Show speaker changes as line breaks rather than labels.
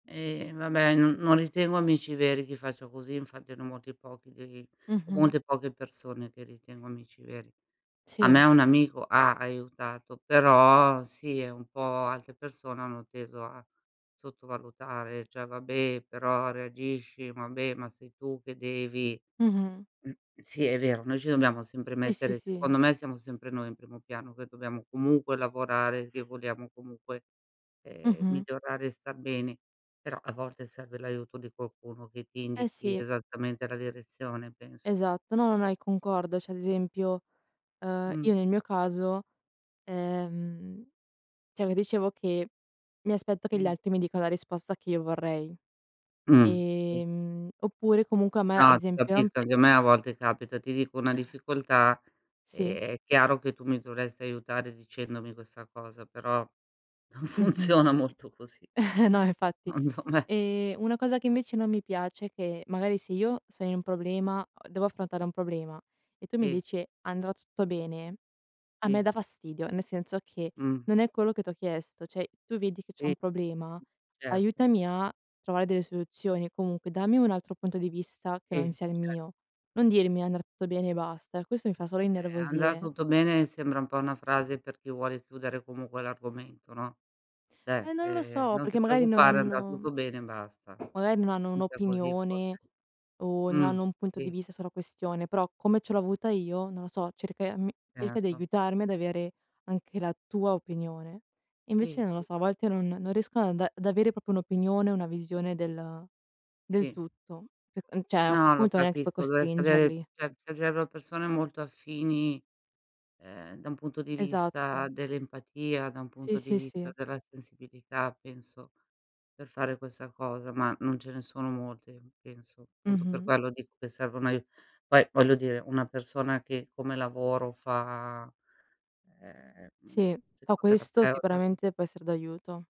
E vabbè, no non ritengo amici veri chi faccio così, infatti ne ho molti pochi di i ho
Mh-mh.
molte poche persone che ritengo amici veri. A me
Si.
un amico ha aiutato, però sì e un po' altre persone hanno teso a sottovalutare; cioè: "Vabbè però reagisci, vabbè ma sei tu che devi"
Mh-mh.
sì è vero, noi ci dobbiamo sempre
Eh, si,
mettere
si.
secondo me, siamo sempre noi in primo piano che dobbiamo comunque lavorare, che vogliamo comunque, ehm,
Mh-mh.
migliorare e star bene. Però, a volte serve l'aiuto di qualcuno che ti
Eh,
indichi
sì.
esattamente la direzione, penso.
Esatto, no, no, no, e concordo. Cioè, ad esempio, ehm,
Mh.
io nel mio caso, ehm cioè io dicevo che mi aspetto che gli
[unintelligible]
altri mi dica la risposta che io vorrei.
Mh, sì.
Ehm, oppure comunque a me, ad
No, ti
esempio non
capisco
pia
anche a me a volte capita. Ti dico, una difficoltà,
Sì.
ehm, è chiaro che tu mi dovresti aiutare dicendomi questa cosa, però non
Mh-mh.
funziona molto così
No infatti.
secondo me.
Ehm, una cosa che invece non mi piace è che, magari se io sono in un problema a devo affrontare un problema e tu mi
Sì.
dici: "Andrà tutto bene", a me
Sì.
dà fastidio, nel senso che,
Mh.
non è quello che t'ho chiesto. Cioè, tu vedi che c'ho
Sì.
un problema,
Certo.
aiutami a trovare delle soluzioni, comunque, dammi un altro punto di vista che
Sì,
non sia il
cer
mio. Non dirmi "andrà tutto bene" e basta; questo mi fa solo
Eh, "andrà
innervosire.
tutto bene" mi sembra un po' una frase per chi vuole chiudere comunque l'argomento, no. Cioè,
Eh, non lo
ehm,
so,
"Non
perché
ti
magari non
preoccupare, andrà
hanno
tutto bene," e basta.
magari non hanno
Mica così
un'opinione,
[unintelligible]
o non
Mh,
hanno un punto di
sì.
vista sulla questione; però come ce l'ho avuta io, non lo so, cerca e mi cerca di
Erto.
aiutarmi ad avere anche la tua opinione. Invece
Sì,
non lo
sì,
so, a
sì.
volte non non riescono ad anda ad avere proprio un'opinione, una visione del del
Sì.
tutto. E uhm, cioè a quel
No, lo
punto non è che puoi
capisco. Dovresti avere
costringerli.
cioè, servirebbero persone molto affini, ehm, da un punto di vista
Esatto.
dell'empatia, da un
Sì,
punto di
sì,
vista
sì.
della sensibilità, penso, per fare questa cosa, ma non ce ne sono molte penso. Appunto per
Mh-mh.
quello dico che serve un aiu poi voglio dire, una persona che come lavoro fa, ehm, mhmm,
Sì. Po' questo
psicoterapeuta
sicuramente può essere d'aiuto.